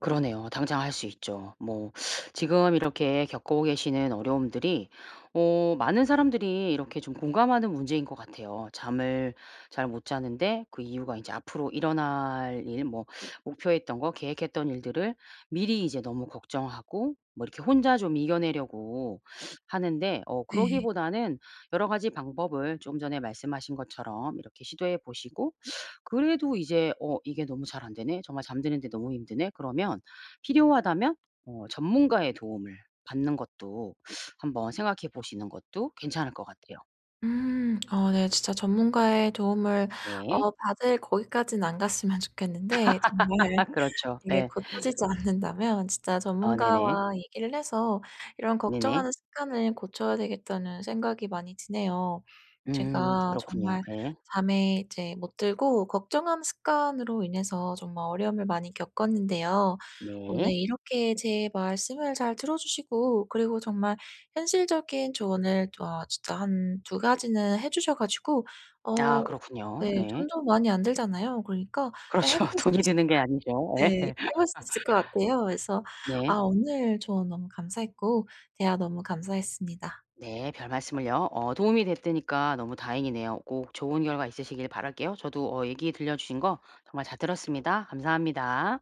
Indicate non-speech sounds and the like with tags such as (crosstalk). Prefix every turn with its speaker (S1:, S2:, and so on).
S1: 그러네요. 당장 할 수 있죠. 뭐 지금 이렇게 겪고 계시는 어려움들이 어 많은 사람들이 이렇게 좀 공감하는 문제인 것 같아요. 잠을 잘 못 자는데 그 이유가 인제 앞으로 일어날 일 뭐 목표했던 거 계획했던 일들을 미리 이제 너무 걱정하고 뭐 이렇게 혼자 좀 이겨내려고 하는데 어
S2: 네.
S1: 그러기보다는 여러 가지 방법을 좀 전에 말씀하신 것처럼 이렇게 시도해 보시고 그래도 이제 '어 이게 너무 잘 안되네? 정말 잠드는데 너무 힘드네?' 그러면 필요하다면 어 전문가의 도움을 받는 것도 한번 생각해 보시는 것도 괜찮을 것 같아요.
S2: 음. 어 네 진짜 전문가의 도움을 어
S1: 네.
S2: 받을 거기까지는 안 갔으면 좋겠는데 정말
S1: (laughs) 그렇죠.
S2: 이게
S1: 예.
S2: 고쳐지지 않는다면 진짜
S1: 아 네네.
S2: 전문가와 얘기를 해서 '이런
S1: 네네.
S2: 걱정하는 습관을 고쳐야 되겠다.'는 생각이 많이 드네요.
S1: 음.
S2: 제가
S1: 그렇군요.
S2: 정말
S1: 네.
S2: 밤에 이제 못 들고 걱정하는 습관으로 인해서 정말 어려움을 많이 겪었는데요. 오늘
S1: 네.
S2: 이렇게 제 말씀을 잘 들어 주시고 그리고 정말 현실적인 조언을 또 아 진짜 1-2 가지는 해 주셔 가지고
S1: 아.
S2: 어 예
S1: 그렇군요. 네.
S2: 돈도 많이 안 들잖아요. 그러니까 예 해
S1: 그렇죠.
S2: 볼 수
S1: 돈이
S2: 있을 것
S1: 드는 게 아니죠
S2: 같
S1: 예.
S2: 네. 해 볼 수 있을 것 같아요. 그래서
S1: (laughs) 네.
S2: 아 오늘 조언 너무 감사했고 대화 너무 감사했습니다.
S1: 네. 별말씀을요. 어 도움이 됐다니까 너무 다행이네요. 꼭 좋은 결과 있으시길 바랄게요. 저도 어 얘기 들려주신 거 정말 잘 들었습니다. 감사합니다.